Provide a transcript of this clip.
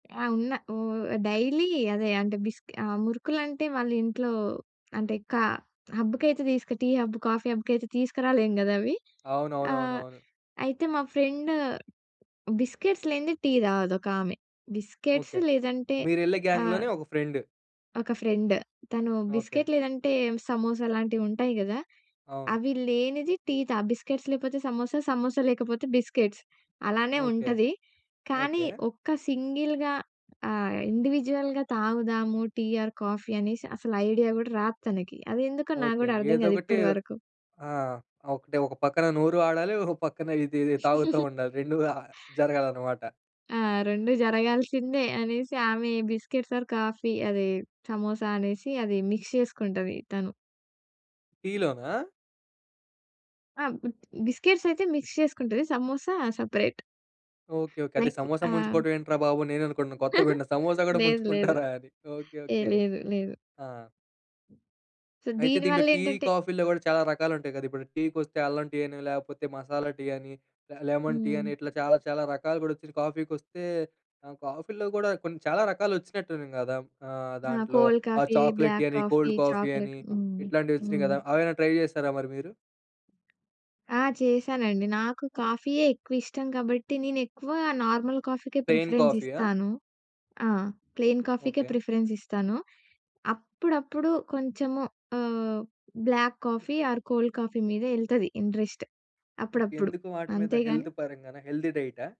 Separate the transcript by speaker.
Speaker 1: ఆ! ఉన్న ఓ డైలీ అదే అంటే బిస్కి ఆ మురుకులుంటే వాళ్ళ ఇంట్లో అంటే కా హబ్‌కైతే టీ హబ్, కాఫీ హబ్‌కి అయితే తీసుకురాలేము కదా అవి. ఆహ్,
Speaker 2: అవునవునవునవును.
Speaker 1: అయితే మా ఫ్రెండ్ బిస్కెట్స్ లేనిదే టీ తాగదు ఒక ఆమె బిస్కెట్స్
Speaker 2: ఓకె.
Speaker 1: లేదంటే
Speaker 2: మీరెళ్ళే
Speaker 1: ఆ
Speaker 2: గాంగ్‌లోనే ఒక ఫ్రెండ్.
Speaker 1: ఒక ఫ్రెండ్. తను
Speaker 2: ఓకె.
Speaker 1: బిస్కిట్ లేదంటే సమోసా లాంటివి ఉంటాయి కదా.
Speaker 2: అవును.
Speaker 1: అవి లేనిది టీ తాగ్ బిస్కిట్స్ లేకపోతే సమోసా, సమోసా లేకపోతే బిస్కిట్స్ అలానే
Speaker 2: ఓకె.
Speaker 1: ఉంటది. కానీ
Speaker 2: ఓకె.
Speaker 1: ఒక్క సింగిల్‌గా ఆహ్, ఇండివిడ్యుయల్‌గా తాగుదాము టీ ఆర్ కాఫీ అనేసి అసలు ఐడియా కూడా రాదు తనకి. అది ఎందుకో నాకు
Speaker 2: ఓకె.
Speaker 1: కూడా అర్థం కాదు
Speaker 2: ఏదోకటి
Speaker 1: ఇప్పటి వరకు.
Speaker 2: ఆ! ఒకటె ఒక పక్కన నోరు ఆడాలి, ఒక పక్కన ఇది ఇది తాగుతా ఉండాలి రెండు అ జరగాలనమాట.
Speaker 1: ఆ! రెండు జరగాల్సిందే అనేసి. ఆమె బిస్కెట్స్ ఆర్ కాఫీ అది, సమోసా అనేసి అది మిక్స్ చేసుకుంటది తను.
Speaker 2: టీ లోనా?
Speaker 1: ఆ! బ్ బిస్కెట్స్ అయితే మిక్స్ చేసుకుంటది. సమోసా సెపరేట్.
Speaker 2: Okay, okay. అదే
Speaker 1: లైక్
Speaker 2: సమోసా
Speaker 1: ఆహ్
Speaker 2: ముంచుకోవడం ఏంట్రా బాబు అని నేను అనుకుంటున్నాను. కొత్తగా వింటన్నా సమోసా కూడా
Speaker 1: లేదు, లేదు.
Speaker 2: ముంచుకుంటారా అని. ఓకె.
Speaker 1: ఏ!
Speaker 2: ఓకె.
Speaker 1: లేదు, లేదు.
Speaker 2: ఆ!
Speaker 1: సో
Speaker 2: అయితే
Speaker 1: దీని
Speaker 2: దీంట్లో
Speaker 1: వల్ల
Speaker 2: టీ,
Speaker 1: ఏంటంటే
Speaker 2: కాఫీలో కూడా చాలా రకాలు ఉంటాయి కదా! ఇప్పుడు టీకి వస్తే అల్లం టీ అని లేకపోతే మసాలా టీ అని లెమన్ టీ అని
Speaker 1: హ్మ్.
Speaker 2: ఇట్లా చాలా చాలా రకాలు కూడా వచ్చినాయి. కాఫీకొస్తే ఆహ్, కాఫీలో కూడా కొన్ని చాలా రకాలు వచ్చినట్టు ఉన్నాయి కదా, ఆహ్,
Speaker 1: ఆ!
Speaker 2: దాంట్లో
Speaker 1: కోల్డ్
Speaker 2: ఆ
Speaker 1: కాఫీ,
Speaker 2: చాక్లెట్ టీ
Speaker 1: బ్లాక్
Speaker 2: అని,
Speaker 1: కాఫీ,
Speaker 2: కోల్డ్ కాఫీ
Speaker 1: చాక్లేట్
Speaker 2: అని.
Speaker 1: హ్మ్,
Speaker 2: ఇట్లాంటివి వచ్చినాయి
Speaker 1: హ్మ్.
Speaker 2: కదా, అవేమన్న ట్రై చేసారా మరి మీరు?
Speaker 1: ఆ! చేశానండి. నాకు కాఫీయే ఎక్కువ ఇష్టం కాబట్టి, నేను ఎక్కువ నార్మల్ కాఫీకే
Speaker 2: ప్లెయిన్
Speaker 1: ప్రిఫరెన్స్
Speaker 2: కాఫీ ఆ?
Speaker 1: ఇస్తాను. ఆ ప్లెయిన్ కాఫీకే
Speaker 2: ఓకె.
Speaker 1: ప్రిఫరెన్స్ ఇస్తాను. అప్పుడప్పుడు కొంచెము ఆహ్, black coffee or cold coffee మీద ఎళ్తది ఇంట్రెస్ట్ అప్పుడప్పుడు.
Speaker 2: ఎందుకు వాటి మీద
Speaker 1: అంతే
Speaker 2: హెల్త్
Speaker 1: కానీ
Speaker 2: పరంగానా? హెల్తీ డైటా?